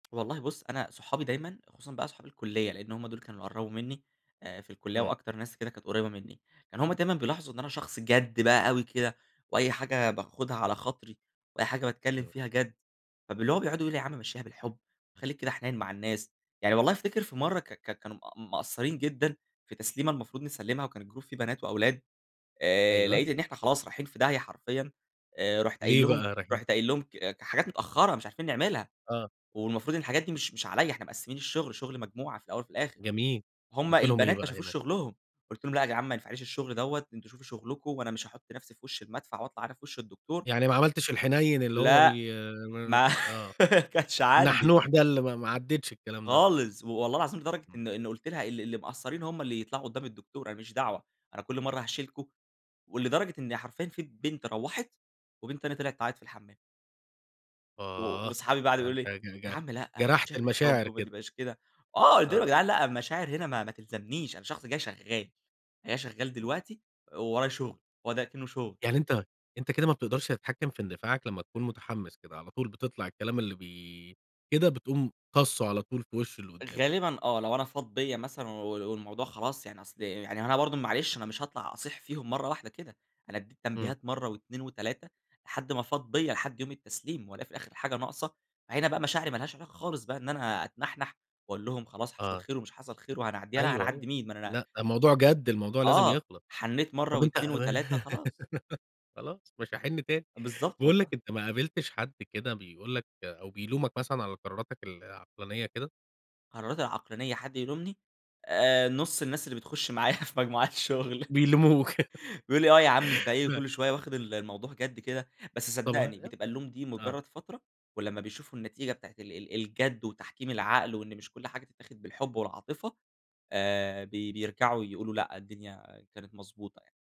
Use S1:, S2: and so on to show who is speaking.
S1: والله بُص أنا صحابي دايمًا، خصوصًا بقى صحاب الكلية لإن هم دول كانوا قربوا مني، آآ في الكلية
S2: إمم.
S1: وأكتر ناس كده كانت قريبة مني، كان هم دايمًا بيلاحظوا إن أنا شخص جَد بقى أوي كده وأي حاجة باخدها على خاطري، وأي حاجة باتكلم
S2: إمم.
S1: فيها جَد، فب اللي هو بيقعدوا يقولوا: "يا عم مشيها بالحب، خليك كده حنين مع الناس." يعني والله أفتكر في مرة ك ك كانوا مق مقصرين جدًا في تسليمة المفروض نسلمها وكان الجروب فيه بنات وأولاد، آآ
S2: أيوه.
S1: لقيت إن إحنا خلاص رايحين في داهية حرفيًا، آآ رحت قايل
S2: ليه
S1: لهم
S2: بقى رايحين؟
S1: رحت قايل لهم ك حاجات متأخرة مش عارفين نعملها،
S2: آه.
S1: والمفروض إن الحاجات دي مش مش عليّا إحنا مقسمين الشغل شغل مجموعة في الأول وفي الآخر،
S2: جميل،
S1: هم
S2: قلت لهم إيه
S1: البنات ما
S2: بقى
S1: شافوش
S2: هنا؟
S1: شغلهم، قلت لهم: "لأ يا جدعان ما ينفعليش الشغل دوّة، أنتم شوفوا شغلكوا، وأنا مش هاحط نفسي في وش المدفع وأطلَع أنا في وش الدكتور"
S2: يعني ما عملتِش الحنين اللي هو
S1: لأ،
S2: بي نن
S1: ما
S2: آه،
S1: كانش عندي.
S2: النحنوح ده اللي ما ما عديتش الكلام ده.
S1: خالص، و والله العظيم لدرجة
S2: إمم.
S1: إن إن قلت لها: "اللي اللي مقصرين هم اللي يطلعوا قدام الدكتور، أنا ما ليش دعوة، أنا كل مرة هاشيلكوا!" ولدرجة إن حرفيًا في بنت روّحت، وبنت تانية طِلعِت تعيط في الحمام. و
S2: آه،
S1: وصحابي بقي قعدوا
S2: ده
S1: يقولوا
S2: أنت
S1: لي:
S2: ج
S1: "يا
S2: ج
S1: عم لأ،
S2: جرحت
S1: مشيها بالحب
S2: المشاعر
S1: وما
S2: كده.
S1: تبقاش كده." آه، قلت لهم: "يا
S2: آه.
S1: جدعان لأ المشاعر هنا ما ما تلزمنيش، أنا شخص جاي شغال جاي شغال
S2: إمم.
S1: دلوقتي، وورايا شغل." هو ده أكنُه شغل.
S2: يعني أنت أنت كده ما بتقدرش تتحكم في اندفاعك لمّا تكون مُتحمس كده، على طول بَتطَلع الكلام اللي بي كده بتقوم طاسُّه على طول في وش اللي قدامك.
S1: غالبًا آه، لو أنا فاض بيّا مثلًا و والموضوع خلاص يعني أصل يعني هو أنا برضه معلش أنا مش هاطلَع أصيح فيهم مرة واحدة كده، أنا أدّيت
S2: إمم.
S1: تنبيهات مرة و2 3 لحد ما فاض بيّا، لحد يوم التسليم وألاقي في الآخِر الحاجة ناقصة، هنا بقى مشاعري ما لهاش علاقة خالص بقى إن أنا أتنحنح، وأقول لهم، خلاص حصل
S2: آه.
S1: خير ومش حصل خير وهنعديها، لأ
S2: أيوه، أيوه.
S1: هنعدي مين! ما أنا
S2: لأ، ده موضوع جَد، الموضوع لازم
S1: آه،
S2: يخلص،
S1: حنيت مرة
S2: طب أنت
S1: و2 و3 خلاص.
S2: خلاص مش هاحن تاني،
S1: بالضبط
S2: باقول لك
S1: والله.
S2: أنت ما قابلتش حد كده بيقول لك أو بيلومك مثلًا على قراراتك العقلانية كده؟
S1: قراراتي العقلانية حد يلومني، آآ نص الناس اللي بتخش معايا في مجموعات الشغل.
S2: بيلوموك.
S1: بيقول لي: "آه، يا عم أنت إيه،
S2: ف
S1: كل شوية واخد ال الموضوع جَد كده؟" بس
S2: طب ها
S1: صدقني
S2: لأ،
S1: بتبقى اللوم دي
S2: آه.
S1: مجرد فترة، ولمّا بيشوفوا النتيجة بتاعة ال ال الجَد وتحكيم العقل وإن مش كل حاجة تتاخد بالحب والعاطفة، آآ بي بيرجعوا يقولوا لأ، الدنيا كانت مضبوطة يعني.